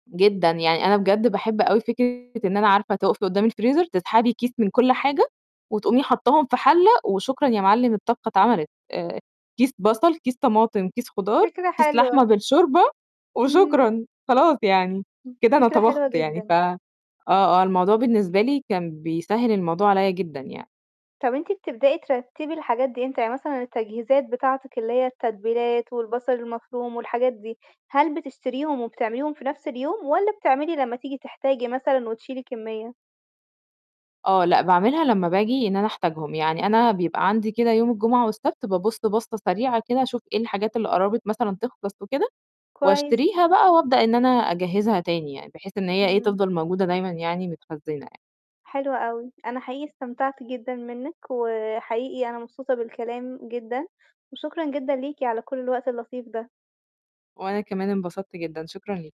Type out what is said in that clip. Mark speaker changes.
Speaker 1: جدًا، يعني أنا بجد باحب أوي فكرة إن أنا عارفة تُقَفي قُدّام الفريزر تسحبي كيس من كل حاجة وتقومي حاطّاهم في حَلَّة وشكرًا يا معلِّم، الطبخة اتعملت. آآ كيس بصل، كيس طماطم، كيس خضار،
Speaker 2: فكرة
Speaker 1: كيس لحمة
Speaker 2: حلوة.
Speaker 1: بالشوربة،
Speaker 2: إمم.
Speaker 1: وشكرًا خلاص يعني، كده أنا
Speaker 2: فكرة
Speaker 1: طبخت
Speaker 2: حلوة
Speaker 1: يعني. ف
Speaker 2: جدًا.
Speaker 1: آه، آه، الموضوع بالنسبة لي كان بيسهّل الموضوع عليّا جدًا يعني.
Speaker 2: طَب أنتِ بتبدئي ترتّبي الحاجات دي إمتى؟ يعني مثلًا التجهيزات بتاعتِك، اللي هي التتبيلات والبصل المفروم والحاجات دي، هل بتشتريهم وبتعمليهم في نَفْس اليوم والَّا بتعملي لمّا تيجي تحتاجي مثلًا وتشيلي كمّية؟
Speaker 1: آه، لأ، باعملها لمّا باجي إن أنا أحتاجهم. يعني أنا بيبقى عندي كده يوم الجمعة والسبت بابُص باصّة سريعة كده أشوف إيه الحاجات اللي قرَّبت مثلًا تخلّص وكده،
Speaker 2: كويس.
Speaker 1: وأشتريها بقى وأبدأ إن أنا أجهّزها تاني يعني، بحيث إن هي ايه،
Speaker 2: إمم.
Speaker 1: تفضل موجودة دايمًا يعني، متخزّنة يع
Speaker 2: حلو أوي. أنا حقيقي استمتعت جدًا منِّك وحقيقي أنا مبسوطة بالكلام جدًا وشكرًا جدًا ليكِ على كل الوقت اللطيف ده.
Speaker 1: وأنا كمان انبسطت جدًا، شكرًا ليكِ.